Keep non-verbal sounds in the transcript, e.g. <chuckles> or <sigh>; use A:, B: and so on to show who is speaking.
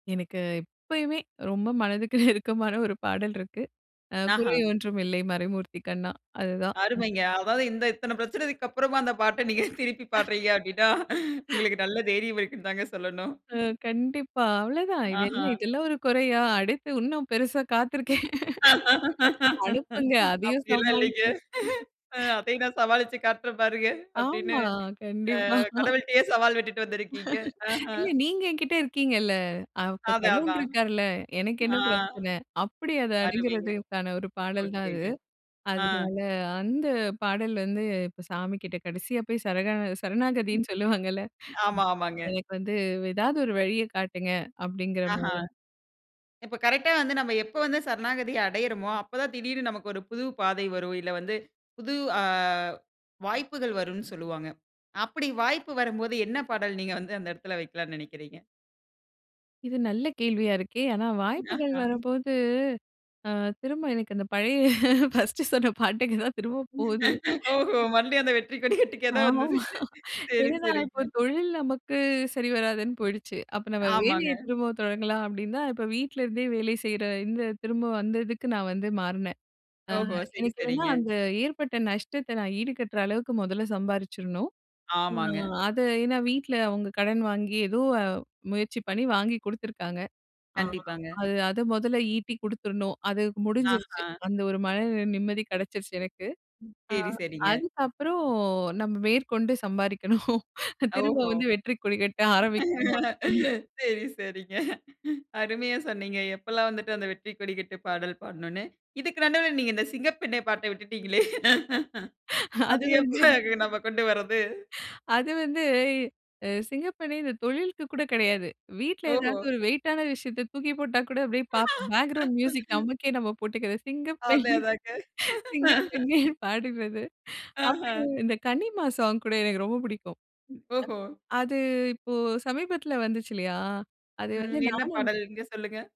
A: எனக்கு எப்பயுமே ரொம்ப மனதுக்கு நெருக்கமான ஒரு பாடல் இருக்கு. அ,
B: ஆஹ,
A: குறையொன்றும் இல்ல மறைமூர்த்தி கண்ணா அதுதான் ம்.
B: அருமைங்க. அதாது, இந்த இத்தன பிரச்சனக்கு அப்பறமா அந்த பாட்ட நீங்க திருப்பி
A: <laughs>
B: பாடுறீங்க அப்டின்னா,
A: <laughs>
B: உங்களுக்கு நல்ல தைரியம் இருக்குன்னு தாங்க சொல்லணும்.
A: அ, கண்டிப்பா, அவ்ளதான். இதென்ன
B: ஆஹன்.
A: இதெல்லாம் ஒரு குறையா, அடுத்து இன்னும் பெருசா காத்திருக்கே. <laughs> அனுப்புங்க. அதயும்
B: "அப்டிலாம் இல்லைங்க.
A: சமாளிப்போம்.
B: அ
A: <laughs>
B: அதயும் நான் சமாளிச்சி காட்றேன் பாருங்க." அப்டின்னு,
A: ஆமா, கண்டிப்பா.
B: அ,
A: <laughs>
B: கடவுள்ட்டயே சவால் விட்டுட்டு வந்திருக்கீங்க.
A: <laughs>
B: ஆஹ,
A: இல்ல, நீங்க என்கிட்ட இருக்கீங்கல்ல, அப்ப
B: அதான்
A: கடவுள்
B: அதான்.
A: இருக்காருல்ல. எனக்கு என்ன
B: ஆ,
A: பிரச்சன? அப்டி அத
B: அருமைங்க!
A: அணுகுறதுக்கான ஒரு பாடல் தான் அது.
B: ஓகேங்க. ஆ.
A: அதுனால, அந்த பாடல் வந்து இப்ப சாமி கிட்ட கடைசியா போயி சரணா சரணாகதின்னு சொல்லுவாங்கல்ல.
B: ஆமா, ஆமாங்க.
A: "எனக்கு வந்து ஏதாவது ஒரு வழிய காட்டுங்க." அப்டிங்கிற
B: ஆஹ.
A: மாரி.
B: இப்ப கரெக்டா வந்து நம்ம எப்ப வந்து சரணாகதி அடையுறமோ, அப்பதான் திடீர்னு நமக்கு ஒரு புது பாதை வரும், இல்ல வந்து புது, அ வாய்ப்புகள் வரும்னு சொல்லுவாங்க. அப்டி வாய்ப்பு வரும்போது என்ன பாடல் நீங்க வந்து அந்த எடத்துல வெக்கலாம்னு நினக்கிறீங்க?
A: இது நல்ல கேள்வியா இருக்கே, ஆனா வாய்ப்புகள்
B: ஆஹ.
A: வரும்போது, அ, திரும்ப எனக்கு அந்த பழைய ஃபர்ஸ்ட் சொன்ன பாட்டுக்குத்தான் திரும்ப போது.
B: <laughs> ஓஹோ, மறுபடியும் அந்த வெற்றிக்கொடி
A: ஆ
B: கட்டுக்கே தான் வந்துருக்கிங்க.
A: <chuckles>
B: சரி.
A: என்னனா இப்ப
B: சரிங்க.
A: தொழில் நமக்கு சரிவராதுன்னு போயிடுச்சு, அப்ப நம்ம
B: ஆமாங்க.
A: வேலைய திரும்பவும் தொடங்கலாம் அப்டின்னுதான் இப்ப வீட்ல இருந்தே வேலை செய்யுற இந்த திரும்பவும் வந்ததுக்கு நான் வந்து மாறுனேன். அ,
B: ஓஹோ! சரி.
A: எனக்கு என்னன்னா,
B: சரிங்க.
A: அந்த ஏற்பட்ட நஷ்டத்த நான் ஈடுகட்டுற அளவுக்கு முதல்ல சம்பாரிச்சிரணும். அ
B: ஆமாங்க.
A: அத, ஏன்னா வீட்ல அவுங்க கடன் வாங்கி ஏதோ முயற்சி பண்ணி வாங்கி குடுத்துருக்காங்க. ஆ,
B: கண்டிப்பாங்க.
A: அது அத மொதல்ல ஈட்டிக் குடுத்துரணும். அது முடிஞ்சிருச்சி,
B: ஆஹ,
A: அந்த ஒரு மன நிம்மதி கிடைச்சிருச்சி, எனக்கு.
B: ம்.
A: அ,
B: சரி. சரிங்க.
A: "அதுக்கப்பறம் நம்ம மேற்கொண்டு சம்பாரிக்கணும். திரும்ப
B: ஓஹோ!
A: வந்து வெற்றி கொடி கட்ட ஆரம்பிக்கணும்." அப்படின்னு.
B: சரி. சரிங்க. அருமையா சொன்னீங்க. எப்பெல்லாம் வந்துட்டு அந்த வெற்றிக்கொடி கட்டு பாடல் பாடணும்னு. இதுக்கு நடுவுல நீங்க இந்த சிங்கப்பெண்ணே பாட்ட விட்டுட்டீங்களே? <laughs>
A: <laughs> அது
B: அது
A: வந்து,
B: எப்ப நமக்கு கொண்டு வரது?
A: அது வந்து, அ சிங்கப்பெண்ணே இந்த தொழிலுக்கு கூட கெடையாது. வீட்ல
B: ஓஹோ!
A: ஏதாவது ஒரு வெயிட்டான விஷயத்த தூக்கிப் போட்டா கூட அப்டியே, ப பேக்ரவுண்ட் மியூசிக்
B: <laughs>
A: நமக்கே நம்ம போட்டுகறது,
B: அதான்
A: சிங்கப்பெண்ணே!
B: அதான்ங்க.
A: சிங்கப்பெண்ணே!
B: <laughs>
A: பாடுறது.
B: ஆஹ்.
A: அப்பறம் இந்த கனிமா சாங் கூட எனக்கு ரொம்ப புடிக்கும்.
B: ஓஹோ!
A: அது இப்ப சமீபத்துல வந்துச்சி இல்லயா? அது வந்து
B: ம். என்ன
A: நானும், என்
B: பாடல்? நீங்க சொல்லுங்க.